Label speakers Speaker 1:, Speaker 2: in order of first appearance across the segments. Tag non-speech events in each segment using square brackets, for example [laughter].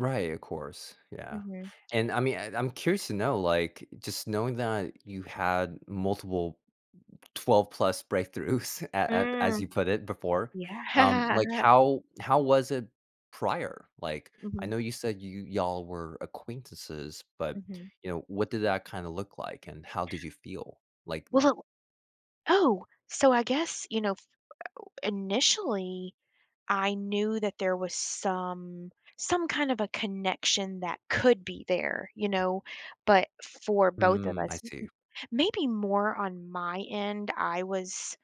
Speaker 1: Right, of course, yeah,
Speaker 2: Mhm.
Speaker 1: and, I mean, eh, I'm curious to know, like, just knowing that you had multiple m m 12 plus breakthroughs a at as you
Speaker 2: Mm.
Speaker 1: put it before, um, like,
Speaker 2: Yeah.
Speaker 1: how how was it prior? Like, I
Speaker 2: Mhm.
Speaker 1: know you said y you y'all were acquaintances, but,
Speaker 2: Mhm.
Speaker 1: you know, what did that kinda look like, and how did you feel? Like, m
Speaker 2: Well oh, so I guess, you know, initially, I knew that there was some some kind of a connection that could be there, you know, but for both of
Speaker 1: Mm, I
Speaker 2: us, m
Speaker 1: see.
Speaker 2: m maybe more on my end, I was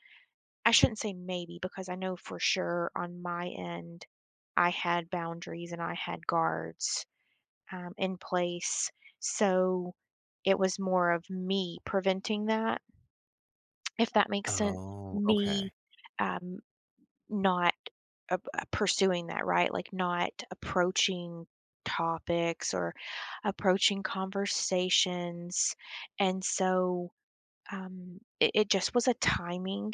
Speaker 2: I shouldn't say maybe because I know for sure, on my end, I had boundaries and I had guards, um, in place. So, it was more of me preventing that if that makes sense.
Speaker 1: Oh,
Speaker 2: Me,
Speaker 1: okay.
Speaker 2: um, not, uh, ap uh, pursuing that, right? Like, not approaching topics or approaching conversations, and so, um, i it just was a timing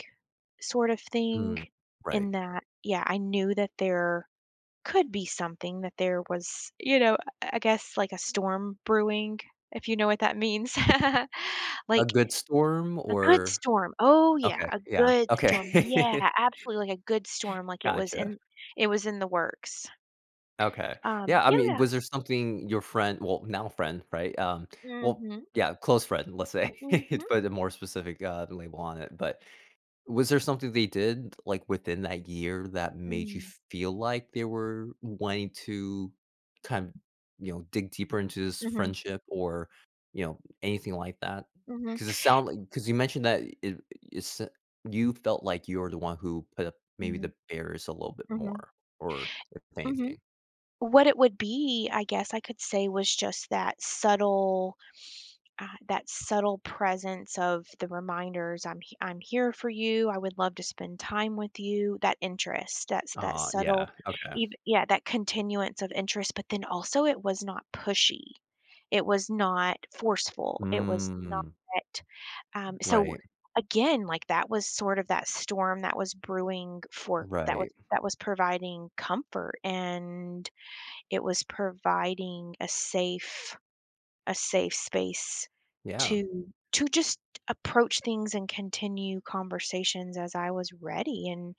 Speaker 2: sort of thing
Speaker 1: Mm, right.
Speaker 2: in that Yeah, I knew that there could be something that there was, you know, I I guess, like a storm brewing, if you know what that means. [laughs]
Speaker 1: A
Speaker 2: Like
Speaker 1: good storm
Speaker 2: A good
Speaker 1: or
Speaker 2: storm. Oh, yeah,
Speaker 1: Okay,
Speaker 2: a
Speaker 1: yeah,
Speaker 2: good storm. Yeah,
Speaker 1: okay.
Speaker 2: absolutely, like, a good storm. Like, it was
Speaker 1: Gotcha.
Speaker 2: in it was in the works.
Speaker 1: Okay.
Speaker 2: Um,
Speaker 1: Yeah, I
Speaker 2: oh,
Speaker 1: mean,
Speaker 2: yeah.
Speaker 1: was there something your friend well, now friend, right? Um, well
Speaker 2: Mhm.
Speaker 1: Yeah, close friend, let's say, to
Speaker 2: Mhm.
Speaker 1: put a more specific, uh, label on it. But was there something they did, like, within that year that made you
Speaker 2: Mm.
Speaker 1: feel like they were wanting to kin you know, dig deeper into this
Speaker 2: Mhm.
Speaker 1: friendship or, you know, anything like that?
Speaker 2: Mhm.
Speaker 1: 'Cause it sound li 'cause you mentioned that i it sou you felt like you were the one who put up maybe
Speaker 2: Mhm.
Speaker 1: the barriers a little bit
Speaker 2: Mhm.
Speaker 1: more, or if
Speaker 2: Mhm.
Speaker 1: anything.
Speaker 2: What it would be, I guess I could say was just that subtle, uh that subtle presence of the reminders, "I'm he I'm here for you. I would love to spend time with you." That interest, that's that
Speaker 1: Uh-huh,
Speaker 2: subtle
Speaker 1: yeah. Okay.
Speaker 2: eve Yeah, that continuance of interest but then also it was not pushy. It was not forceful. It was not,
Speaker 1: Mm.
Speaker 2: um so,
Speaker 1: Right.
Speaker 2: again, like, that was sort of that storm that was brewing for that was
Speaker 1: Right.
Speaker 2: that was providing comfort and it was providing a safe a safe space
Speaker 1: Yeah.
Speaker 2: to to just approach things and continue conversations as I was ready, and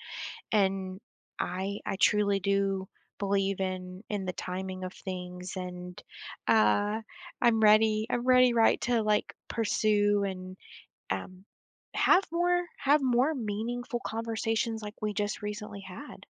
Speaker 2: and I I truly do believe in in the timing of things, and, uh, I'm ready I'm ready, right, to, like, pursue and, um, have more have more meaningful conversations like we just recently had.